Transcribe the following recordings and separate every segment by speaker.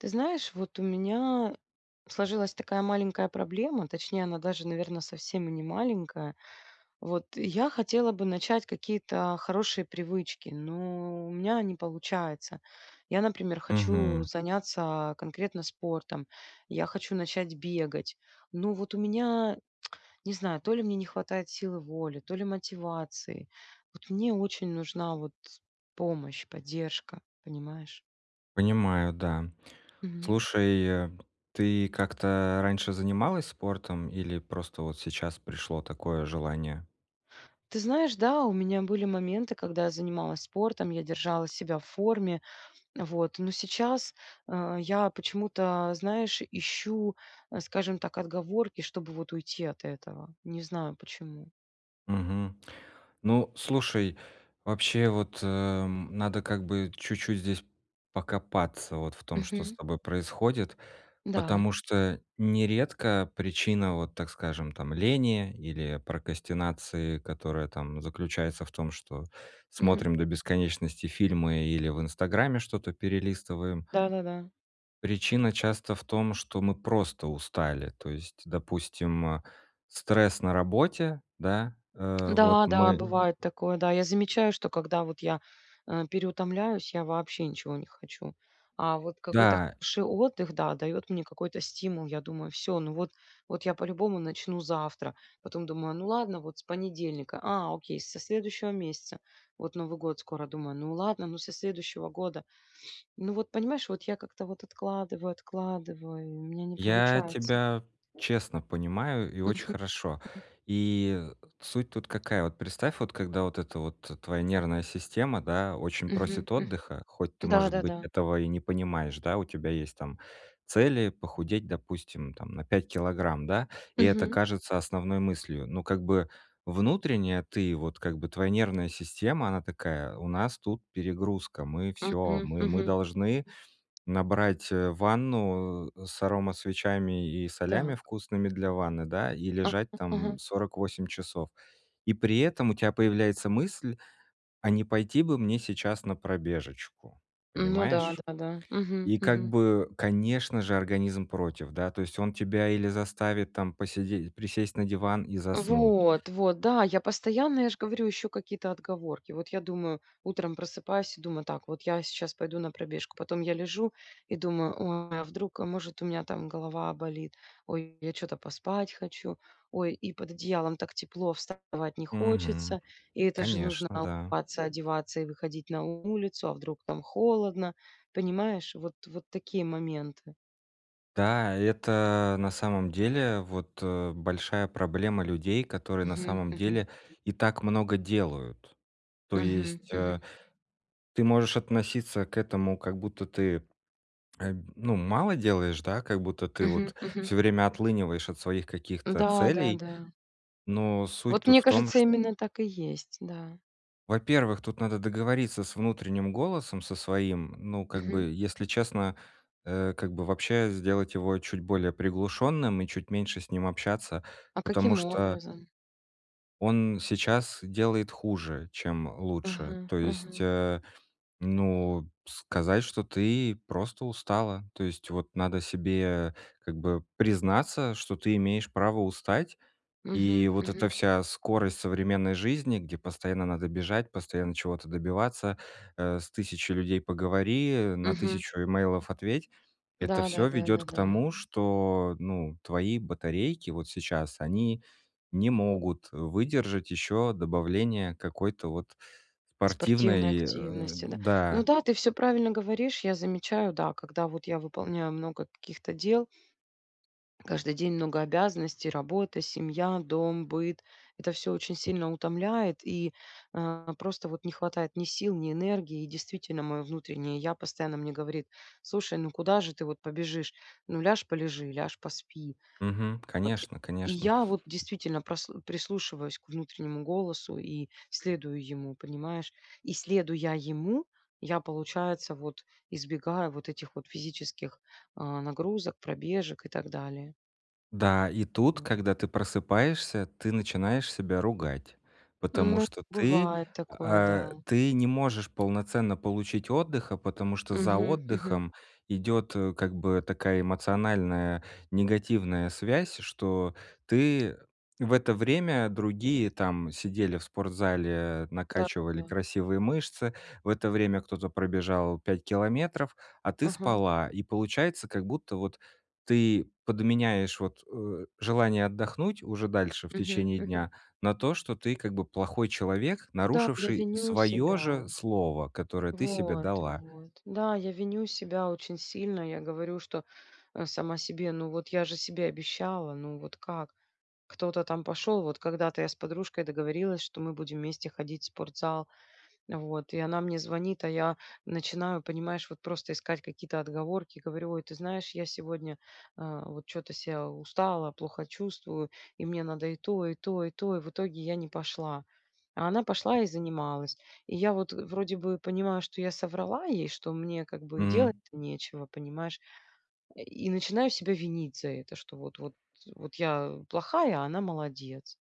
Speaker 1: Ты знаешь, вот у меня сложилась такая маленькая проблема. Точнее, она даже, наверно, совсем не маленькая, вот. Я хотела бы начать какие-то хорошие привычки, но у меня не получается. Я, например, хочу
Speaker 2: Мгм.
Speaker 1: заняться конкретно спортом, я хочу начать бегать, но вот у меня не знаю, то ли мне не хватает силы воли, то ли мотивации, вот мне очень нужна вот помощь, поддержка, понимаешь?
Speaker 2: Понимаю, да.
Speaker 1: Мгм.
Speaker 2: Слушай, ты как-то раньше занималась спортом, или просто вот сейчас пришло такое желание?
Speaker 1: Ты знаешь, да, у меня были моменты, когда я занималась спортом, я держала себя в форме. Вот, но сейчас, э-э, я почему-то, знаешь, ищу, э, скажем так, отговорки, чтобы вот уйти от этого. Не знаю почему.
Speaker 2: Мгм. Ну, слушай, вообще вот, э, надо как бы чуть-чуть здесь покопаться вот в том, что с
Speaker 1: Мгм.
Speaker 2: тобой происходит,
Speaker 1: Да.
Speaker 2: потому что нередко причина вот, так скажем, там лени или прокрастинации, которая там заключается в том, что
Speaker 1: Мгм.
Speaker 2: смотрим до бесконечности фильмы или в "Инстаграме" что-то перелистываем
Speaker 1: Да-да-да.
Speaker 2: причина часто в том, что мы просто устали, то есть, допустим, э, стресс на работе, да, э, вот,
Speaker 1: Да, да
Speaker 2: мы
Speaker 1: бывает такое, да, я замечаю, что когда вот я, э, переутомляюсь, я вообще ничего не хочу, а вот какой-то
Speaker 2: Да.
Speaker 1: хороший отдых, да, дает мне какой-то стимул. Я думаю, всё, ну, вот вот я по любому начну завтра, потом думаю, ну, ладно, вот с понедельника, а-а, окей со следующего месяца. Вот Новый год скоро, думаю, ну ладно, ну со следующего года. Ну вот понимаешь, вот я как-то вот откладываю, откладываю, и у меня не
Speaker 2: Я
Speaker 1: получается.
Speaker 2: тебя честно понимаю, и очень
Speaker 1: Мгм.
Speaker 2: хорошо. И суть тут какая? Вот представь, вот когда вот эта вот твоя нервная система, да, очень
Speaker 1: Мгм,
Speaker 2: просит
Speaker 1: м
Speaker 2: отдыха, хоть ты
Speaker 1: Да,
Speaker 2: может
Speaker 1: да,
Speaker 2: быть
Speaker 1: да.
Speaker 2: этого и не понимаешь, да. У тебя есть, там, цели похудеть, допустим, там на 5 килограмм, да, и это
Speaker 1: Мгм.
Speaker 2: кажется основной мыслью. Ну, как бы внутренне ты вот как бы, твоя нервная система, она такая: "У нас тут перегрузка, мы всё,
Speaker 1: Мгм,
Speaker 2: мы мы
Speaker 1: мгм.
Speaker 2: должны набрать, э, ванну с аромасвечами и солями
Speaker 1: Так.
Speaker 2: вкусными для ванны, да, и
Speaker 1: Мг
Speaker 2: лежать
Speaker 1: мгм.
Speaker 2: там 48 часов",- и при этом у тебя появляется мысль: "А не пойти бы мне сейчас на пробежечку?"
Speaker 1: Ну да,
Speaker 2: Понимаешь?
Speaker 1: да-да. Мгм,
Speaker 2: И как
Speaker 1: мгм.
Speaker 2: бы, конечно же, организм против, да, то есть он тебя или заставит там посиде присесть на диван и заснуть.
Speaker 1: Вот, вот, да, я постоянно, я ж говорю, ищу какие-то отговорки. Вот я думаю, утром просыпаюсь и думаю так: "Вот я сейчас пойду на пробежку". Потом я лежу и думаю: "Ой, а вдруг, может, у меня там голова болит, ой, я чё-то поспать хочу, ой, и под одеялом так тепло, вставать не
Speaker 2: Мгм.
Speaker 1: хочется, и это же нужно
Speaker 2: Конечно, да.
Speaker 1: обуваться, одеваться и выходить на улицу, а вдруг там холодно". Понимаешь, вот вот такие моменты.
Speaker 2: Да, и это на самом деле, вот, э, большая проблема людей, которые на
Speaker 1: Мгм,
Speaker 2: самом
Speaker 1: мгм.
Speaker 2: деле и так много делают. То
Speaker 1: Мгм,
Speaker 2: есть,
Speaker 1: мгм.
Speaker 2: э, ты можешь относиться к этому, как будто ты, э, ну, мало делаешь, да, как будто ты вот
Speaker 1: Мгм, мгм.
Speaker 2: всё время отлыниваешь от своих каких-то
Speaker 1: Да, да,
Speaker 2: целей,
Speaker 1: да.
Speaker 2: но суть
Speaker 1: Вот
Speaker 2: тут
Speaker 1: мне
Speaker 2: в том,
Speaker 1: кажется,
Speaker 2: чт
Speaker 1: именно так и есть, да.
Speaker 2: Во-первых, тут надо договориться с внутренним голосом со своим. Ну, как
Speaker 1: Мгм.
Speaker 2: бы, если честно, э, как бы вообще сделать его чуть более приглушенным и чуть меньше с ним общаться,
Speaker 1: А
Speaker 2: потому
Speaker 1: каким
Speaker 2: что
Speaker 1: образом?
Speaker 2: он сейчас делает хуже, чем лучше.
Speaker 1: Ага,
Speaker 2: То есть,
Speaker 1: ага.
Speaker 2: э, ну, сказать, что ты просто устала, то есть вот надо себе как бы признаться, что ты имеешь право устать.
Speaker 1: Мгм,
Speaker 2: И вот эта
Speaker 1: мгм.
Speaker 2: вся скорость современной жизни, где постоянно надо бежать, постоянно чего-то добиваться, э, с 1000 людей поговори, на
Speaker 1: Мгм.
Speaker 2: 1000 имейлов ответь,- это
Speaker 1: Да, да
Speaker 2: всё
Speaker 1: да да
Speaker 2: ведёт к
Speaker 1: да.
Speaker 2: тому, что, ну, твои батарейки вот сейчас, они не могут, э, выдержать еще добавления какой-то вот
Speaker 1: Спортивной
Speaker 2: спортивной, э,
Speaker 1: активности, да. Ну
Speaker 2: да.
Speaker 1: да, ты всё правильно говоришь, я замечаю, да, когда вот я выполняю много каких-то дел каждый день много обязанностей: работа, семья, дом, быт. Это всё очень сильно утомляет и, э, просто вот не хватает ни сил, ни энергии. И действительно, мое внутреннее "я" постоянно мне говорит: "Слушай, ну куда же ты вот побежишь? Ну ляж полежи, ляж поспи".
Speaker 2: Мгм,
Speaker 1: Вот,
Speaker 2: конечно,
Speaker 1: и
Speaker 2: конечно.
Speaker 1: я вот действительно прас прислушиваюсь к внутреннему голосу и следую ему, понимаешь. И следуя ему, я, получается вот, избегаю вот этих вот физических, а, нагрузок, пробежек и так далее.
Speaker 2: Да, и тут,
Speaker 1: Мм.
Speaker 2: когда ты просыпаешься, ты начинаешь себя ругать, потому
Speaker 1: Мм,
Speaker 2: что ты,
Speaker 1: бывает такое,
Speaker 2: а,
Speaker 1: да.
Speaker 2: ты не можешь полноценно получить отдыха, потому что за
Speaker 1: Мгм, мгм.
Speaker 2: отдыхом идет, э, как бы такая эмоциональная негативная связь, что ты— в это время другие там сидели в спортзале, накачивали
Speaker 1: Да-да.
Speaker 2: красивые мышцы, в это время кто-то пробежал 5 километров, а ты
Speaker 1: Ага.
Speaker 2: спала, и получается как будто вот ты подменяешь вот, э, желание отдохнуть уже дальше в
Speaker 1: Мгм,
Speaker 2: течение
Speaker 1: мгм.
Speaker 2: дня на то, что ты как бы плохой человек,
Speaker 1: Да, я
Speaker 2: нарушивший
Speaker 1: виню
Speaker 2: свое
Speaker 1: себя.
Speaker 2: же слово, которое ты себе
Speaker 1: Вот,
Speaker 2: дала.
Speaker 1: вот. Да, я виню себя очень сильно, я говорю, что, э, сама себе: "Ну вот я же себе обещала, ну вот как?" Кто-то там пошел, вот когда-то я с подружкой договорилась, что мы будем вместе ходить в спортзал, вот. И она мне звонит, а я начинаю, понимаешь, вот просто искать какие-то отговорки, говорю: "Ой, ты знаешь, я сегодня, а, вот чё-то ся устала, плохо чувствую, и мне надо и то, и то, и то". И в итоге я не пошла, а она пошла и занималась. И я вот вроде бы понимаю, что я соврала ей, что мне как бы и
Speaker 2: Мм.
Speaker 1: делать-то нечего, понимаешь, и начинаю себя винить за это, что вот вот, э, вот я плохая, а она молодец.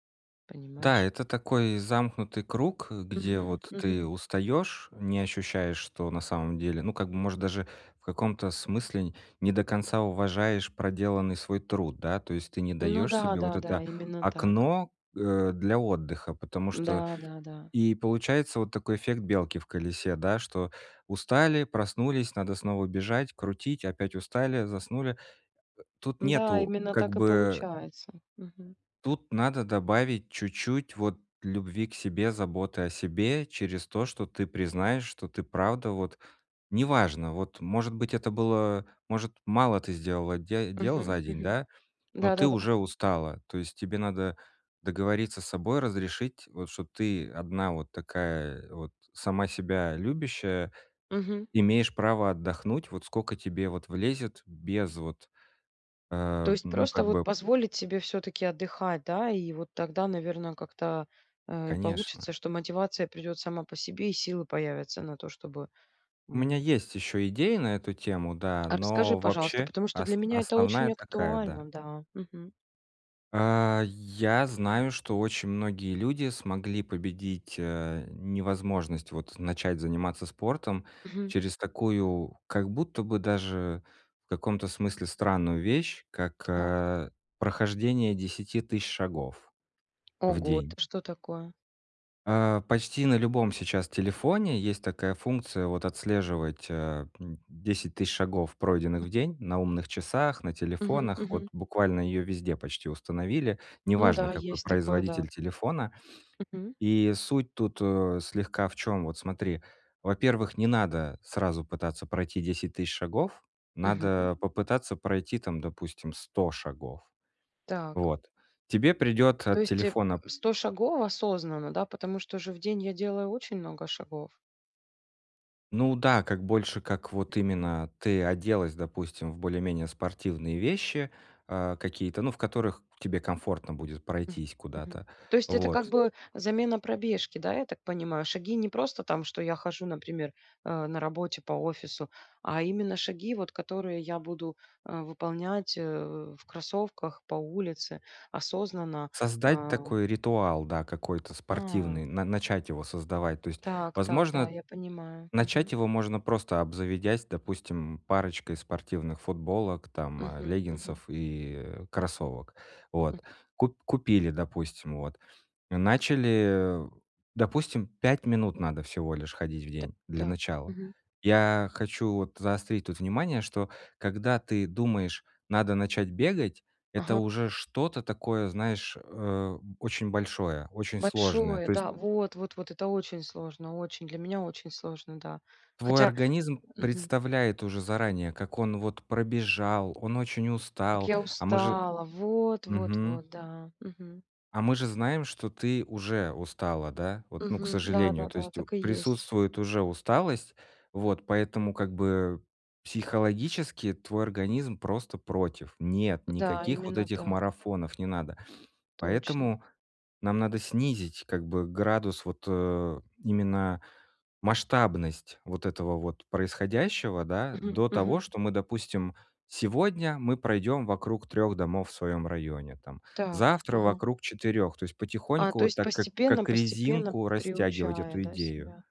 Speaker 2: Да,
Speaker 1: Понимаешь?
Speaker 2: это такой замкнутый круг, где
Speaker 1: Мгм,
Speaker 2: вот ты
Speaker 1: мгм.
Speaker 2: устаешь, не ощущаешь, что на самом деле, ну, как бы может даже в каком-то смысле не до конца уважаешь проделанный свой труд, да, то есть ты не
Speaker 1: Ну
Speaker 2: даешь
Speaker 1: да,
Speaker 2: себе вот
Speaker 1: да,
Speaker 2: это
Speaker 1: да, именно так.
Speaker 2: окно, э, для отдыха, потому что
Speaker 1: Да, да, да.
Speaker 2: и получается вот такой эффект белки в колесе, да, что устали, проснулись, надо снова бежать, крутить, опять устали, заснули. Тут
Speaker 1: Да,
Speaker 2: нету
Speaker 1: именно
Speaker 2: как
Speaker 1: так и
Speaker 2: бы
Speaker 1: получается. Мгм.
Speaker 2: тут надо добавить чуть-чуть вот любви к себе, заботы о себе через то, что ты признаешь, что ты правда вот неважно, вот может быть, это было, может, мало ты сделала де дел
Speaker 1: Мгм,
Speaker 2: за день,
Speaker 1: мгм.
Speaker 2: да, но
Speaker 1: Да,
Speaker 2: ты
Speaker 1: да, да.
Speaker 2: уже устала, то есть тебе надо договориться с собой, разрешить вот, что ты одна вот такая вот, сама себя любящая,
Speaker 1: Мгм.
Speaker 2: имеешь право отдохнуть вот сколько тебе вот влезет без вот,
Speaker 1: То
Speaker 2: э,
Speaker 1: есть
Speaker 2: ну,
Speaker 1: просто
Speaker 2: как
Speaker 1: вот
Speaker 2: бы
Speaker 1: позволить себе все-таки отдыхать, да, и вот тогда, наверно, как-то, э, и
Speaker 2: Конечно.
Speaker 1: получится, что мотивация придет сама по себе и силы появятся на то, чтобы,
Speaker 2: У меня
Speaker 1: мм
Speaker 2: есть еще идеи на эту тему, да,
Speaker 1: А расскажи,
Speaker 2: но
Speaker 1: пожалуйста,
Speaker 2: вообще
Speaker 1: потому, что
Speaker 2: ос
Speaker 1: для меня это
Speaker 2: основная
Speaker 1: очень
Speaker 2: такая, да.
Speaker 1: актуально. Да. Мгм.
Speaker 2: А, я знаю, что очень многие люди смогли победить, э, невозможность вот начать заниматься спортом
Speaker 1: Мгм.
Speaker 2: через такую как будто бы даже в каком-то смысле странную вещь, как,
Speaker 1: Так.
Speaker 2: э, прохождение 10 000 шагов в
Speaker 1: Ого,
Speaker 2: день.
Speaker 1: это что такое?
Speaker 2: А, почти на любом сейчас телефоне есть такая функция вот отслеживать, э, 10 000 шагов, пройденных
Speaker 1: М.
Speaker 2: в день, на умных часах, на
Speaker 1: Мгм,
Speaker 2: телефонах. Вот
Speaker 1: мгм.
Speaker 2: буквально ее везде почти установили,
Speaker 1: Ну
Speaker 2: неважно
Speaker 1: да,
Speaker 2: какой
Speaker 1: есть такое. Да.
Speaker 2: производитель телефона.
Speaker 1: Мгм.
Speaker 2: И суть тут, э, слегка в чём. Вот смотри, во-первых, не надо сразу пытаться пройти 10 000 шагов,
Speaker 1: Мгм.
Speaker 2: надо попытаться пройти там, допустим, 100 шагов,
Speaker 1: Так.
Speaker 2: вот. Тебе придет
Speaker 1: То
Speaker 2: от
Speaker 1: есть, э,
Speaker 2: телефона
Speaker 1: м, 100 шагов осознанно, да, потому что же в день я делаю очень много шагов.
Speaker 2: Ну да, как больше как вот именно ты оделась, допустим, в более-менее спортивные вещи, а, какие-то, ну, в которых тебе комфортно будет
Speaker 1: М,
Speaker 2: пройтись
Speaker 1: мгм.
Speaker 2: куда-то,
Speaker 1: То есть это как
Speaker 2: вот.
Speaker 1: бы замена пробежки, да, я так понимаю. Шаги не просто там, что я хожу, например, э, на работе по офису, а именно шаги, вот которые я буду, э, выполнять, э-э, в кроссовках, по улице осознанно?
Speaker 2: Создать
Speaker 1: А-а
Speaker 2: такой ритуал, да, какой-то спортивный,
Speaker 1: А-а.
Speaker 2: на начать его создавать, то есть
Speaker 1: Так, так, да,
Speaker 2: возможно
Speaker 1: я понимаю,
Speaker 2: начать
Speaker 1: мгм.
Speaker 2: его можно просто обзаведясь, допустим, парочкой спортивных футболок, там, э,
Speaker 1: Мгм, мгм.
Speaker 2: леггинсов и, э, кроссовок.
Speaker 1: М
Speaker 2: Вот, куп купили, допустим, вот начали, э, допустим, 5 минут надо всего лишь ходить в
Speaker 1: Т
Speaker 2: день для
Speaker 1: так,
Speaker 2: начала.
Speaker 1: мгм.
Speaker 2: Я хочу вот заострить тут внимание, что когда ты думаешь: "Надо начать бегать"- это
Speaker 1: Ага.
Speaker 2: уже что-то такое, знаешь, э, очень большое, очень сложное,
Speaker 1: Большое,
Speaker 2: то есть
Speaker 1: да, вот, вот вот, это очень сложно, очень для меня, очень сложно, да.
Speaker 2: твой
Speaker 1: Хотя
Speaker 2: организм
Speaker 1: мгм.
Speaker 2: представляет уже заранее как он, вот, пробежал, он очень
Speaker 1: Как
Speaker 2: устал,
Speaker 1: я
Speaker 2: а мы же
Speaker 1: устала, вот, вот,
Speaker 2: мгм.
Speaker 1: вот, да. Мгм.
Speaker 2: А мы же знаем, что ты уже устала, да, вот, ну, к
Speaker 1: Мгм. Да,
Speaker 2: сожалению,
Speaker 1: да,
Speaker 2: то
Speaker 1: да,
Speaker 2: есть у
Speaker 1: так и есть.
Speaker 2: присутствует уже усталость. Вот поэтому как бы психологически твой организм просто против: "Нет,
Speaker 1: Да,
Speaker 2: никаких вот
Speaker 1: именно
Speaker 2: этих
Speaker 1: так.
Speaker 2: марафонов не надо!"
Speaker 1: Точно.
Speaker 2: Поэтому нам надо снизить как бы градус, вот, э, именно масштабность вот этого вот происходящего, да,
Speaker 1: Мгм,
Speaker 2: до того,
Speaker 1: мгм.
Speaker 2: что мы, допустим: "Сегодня мы пройдем вокруг 3 домов в своем районе, там,
Speaker 1: Так,
Speaker 2: завтра
Speaker 1: ага.
Speaker 2: вокруг 4". То есть
Speaker 1: А,
Speaker 2: потихоньку,
Speaker 1: то
Speaker 2: вот
Speaker 1: есть
Speaker 2: так, как
Speaker 1: постепенно,
Speaker 2: как
Speaker 1: постепенно
Speaker 2: резинку, растягивать
Speaker 1: приучая,
Speaker 2: эту
Speaker 1: да,
Speaker 2: идею.
Speaker 1: себя.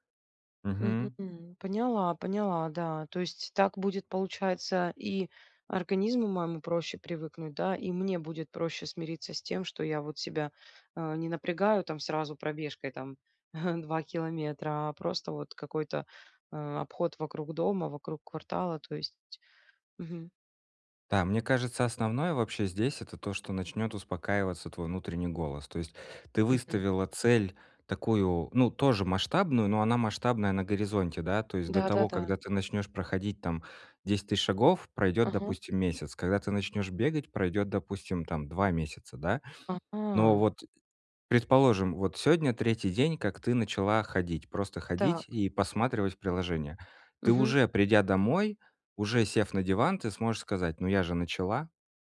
Speaker 1: Мгм,
Speaker 2: Мгм.
Speaker 1: мм, поняла, поняла, да. То есть так будет, получается, и организму моему проще привыкнуть, да, и мне будет проще смириться с тем, что я вот себя, а, не напрягаю там сразу пробежкой там, 2 километра, а просто вот какой-то, э, обход вокруг дома, вокруг квартала, то есть мгм.
Speaker 2: Да, мне кажется, основное вообще здесь- это то, что начнет успокаиваться твой внутренний голос, то есть ты
Speaker 1: Мгм.
Speaker 2: выставила цель такую, ну, тоже масштабную, но она масштабная на горизонте, да, то есть до того,
Speaker 1: Да-да-да.
Speaker 2: когда ты начнешь проходить, там, 10 000 шагов, пройдет,
Speaker 1: Ага.
Speaker 2: допустим, месяц, когда ты начнешь бегать, пройдет, допустим, там, 2 месяца, да. Но
Speaker 1: Ага.
Speaker 2: вот предположим, вот сегодня 3 день, как ты начала ходить, просто ходить
Speaker 1: Так.
Speaker 2: и посматривать в приложение. Ты
Speaker 1: Мгм.
Speaker 2: уже, придя домой, уже сев на диван, ты сможешь сказать: "Ну я же начала!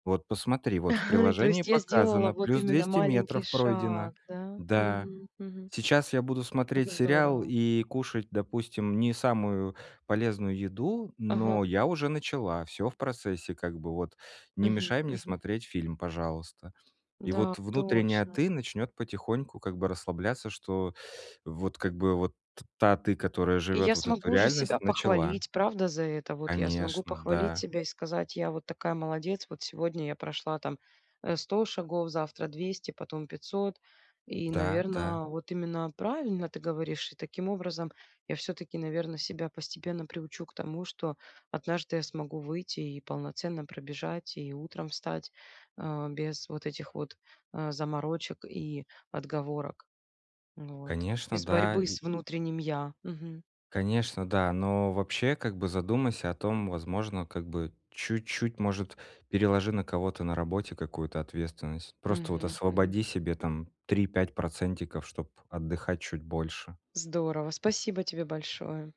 Speaker 2: Вот, посмотри, вот в
Speaker 1: То
Speaker 2: приложении
Speaker 1: есть я сделала
Speaker 2: показано,
Speaker 1: вот
Speaker 2: плюс
Speaker 1: именно
Speaker 2: 200
Speaker 1: маленький
Speaker 2: метров пройдено!
Speaker 1: шаг, да.
Speaker 2: Да.
Speaker 1: Мгм, мгм.
Speaker 2: Сейчас я буду
Speaker 1: Как
Speaker 2: смотреть сериал
Speaker 1: здорово.
Speaker 2: и кушать, допустим, не самую полезную еду,
Speaker 1: Ага.
Speaker 2: но я уже начала, всё в процессе, как бы, вот, не
Speaker 1: Мгм
Speaker 2: мешай мне
Speaker 1: мгм.
Speaker 2: смотреть фильм, пожалуйста". И
Speaker 1: Да,
Speaker 2: вот внутренняя
Speaker 1: точно.
Speaker 2: "ты" начнет потихоньку как бы расслабляться, что вот как бы вот та ты, которая
Speaker 1: И я
Speaker 2: живет вот эту
Speaker 1: смогу же себя
Speaker 2: реальность, начала.
Speaker 1: похвалить, правда, за это, вот, я смогу
Speaker 2: Конечно,
Speaker 1: похвалить
Speaker 2: да.
Speaker 1: себя и сказать: "Я вот такая молодец, вот сегодня я прошла там, э, 100 шагов, завтра- 200, потом- 500", и,
Speaker 2: Да, да.
Speaker 1: наверно, вот именно правильно ты говоришь. И таким образом я всё-таки, наверно, себя постепенно приучу к тому, что однажды я смогу выйти и полноценно пробежать, и утром встать, а, без вот этих вот, а, заморочек и отговорок. Вот.
Speaker 2: Конечно,
Speaker 1: Без
Speaker 2: да,
Speaker 1: борьбы
Speaker 2: и
Speaker 1: с внутренним "я". Мгм.
Speaker 2: Конечно, да. Но вообще как бы задумайся о том, возможно как бы чуть-чуть, может, переложи на кого-то на работе какую-то ответственность. Просто вот
Speaker 1: Мгм, мгм.
Speaker 2: освободи себе там 3-5 процентиков, чтоб отдыхать чуть больше.
Speaker 1: Здорово, спасибо тебе большое.